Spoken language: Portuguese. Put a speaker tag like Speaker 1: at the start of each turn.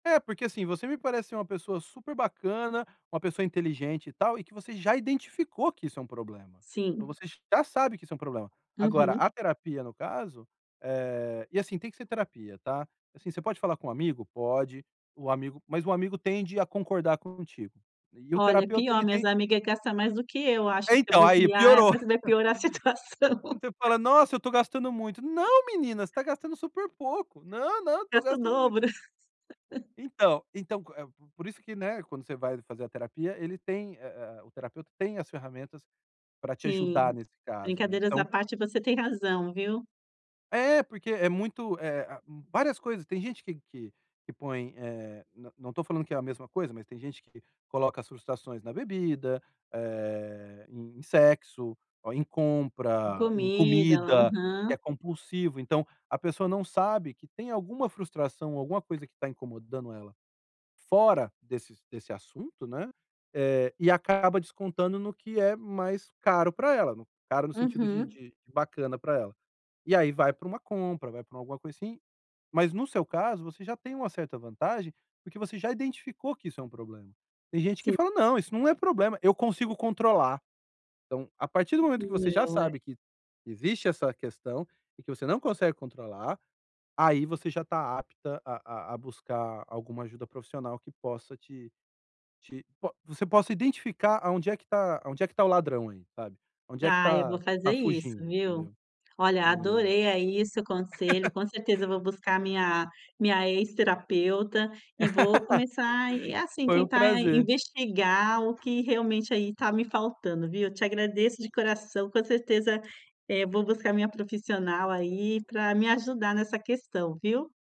Speaker 1: É porque, assim, você me parece ser uma pessoa super bacana, uma pessoa inteligente, e tal, e que você já identificou que isso é um problema. Então,
Speaker 2: Sim.
Speaker 1: você já sabe que isso é um problema. Agora, a
Speaker 2: Uhum.
Speaker 1: terapia no caso, eh, e assim, tem que ser terapia, tá? Assim, você pode falar com um amigo? Pode! O amigo mas o amigo tende a concordar contigo. E o
Speaker 2: Olha, é
Speaker 1: terapeuta
Speaker 2: pior.
Speaker 1: ele
Speaker 2: Minhas
Speaker 1: tem
Speaker 2: amiga gasta mais do que eu acho,
Speaker 1: É
Speaker 2: se eu
Speaker 1: então aí
Speaker 2: bobear é
Speaker 1: piorou.
Speaker 2: mas vai piorar a
Speaker 1: Quando
Speaker 2: situação.
Speaker 1: você fala: "Nossa! Eu estou gastando muito", "Não menina você tá gastando super pouco". "Não, não, tô
Speaker 2: "Gasta o
Speaker 1: gastando muito".
Speaker 2: dobro".
Speaker 1: Então, então, eh o q por isso que, né, quando você vai fazer a terapia ele tem a a o terapeuta tem as ferramentas pra te ajudar
Speaker 2: Sim,
Speaker 1: nesse caso. né
Speaker 2: brincadeiras à
Speaker 1: então
Speaker 2: parte você tem razão, viu.
Speaker 1: É, porque é muito, eh ah várias coisas. Tem gente que que que põe, eh não não estou falando que é a mesma coisa, mas tem gente que coloca as frustrações na bebida, eh, em sexo, ou em
Speaker 2: Com
Speaker 1: compra, em
Speaker 2: comida,
Speaker 1: comida,
Speaker 2: aham.
Speaker 1: que é compulsivo. Então, a pessoa não sabe, que tem alguma frustração, alguma coisa que tá incomodando ela, fora desse desse assunto, né. Eh, e acaba descontando no que é mais caro pra ela, caro no sentido de
Speaker 2: Uhum.
Speaker 1: de bacana para ela. E aí. vai pra uma compra, vai pra alguma coisa, assim Mas no seu caso, você já tem uma certa vantagem porque você já identificou que isso é um problema. Tem gente que
Speaker 2: Sim.
Speaker 1: fala: "Não, isso não é problema! Eu consigo controlar", então, a partir do momento que você já
Speaker 2: Não, é.
Speaker 1: sabe, que que existe essa questão, e que você não consegue controlar, aí, você já tá apta a a a buscar alguma ajuda profissional que possa, te te po você possa identificar, aonde é que tá aonde é que tá o ladrão, aí, sabe. Aonde é que
Speaker 2: Ah, eu
Speaker 1: tá
Speaker 2: vou
Speaker 1: tá
Speaker 2: fazer isso,
Speaker 1: fugindo,
Speaker 2: viu.
Speaker 1: entendeu?
Speaker 2: Olha,
Speaker 1: E
Speaker 2: adorei, aí, seu conselho, com certeza vou buscar a minha minha ex-terapeuta, e vou começar e, assim,
Speaker 1: Foi um
Speaker 2: tentar
Speaker 1: prazer.
Speaker 2: investigar o que realmente, aí tá me faltando viu, eu te agradeço de coração. Com certeza, eh, vou buscar minha profissional, aí, pra me ajudar nessa questão, viu?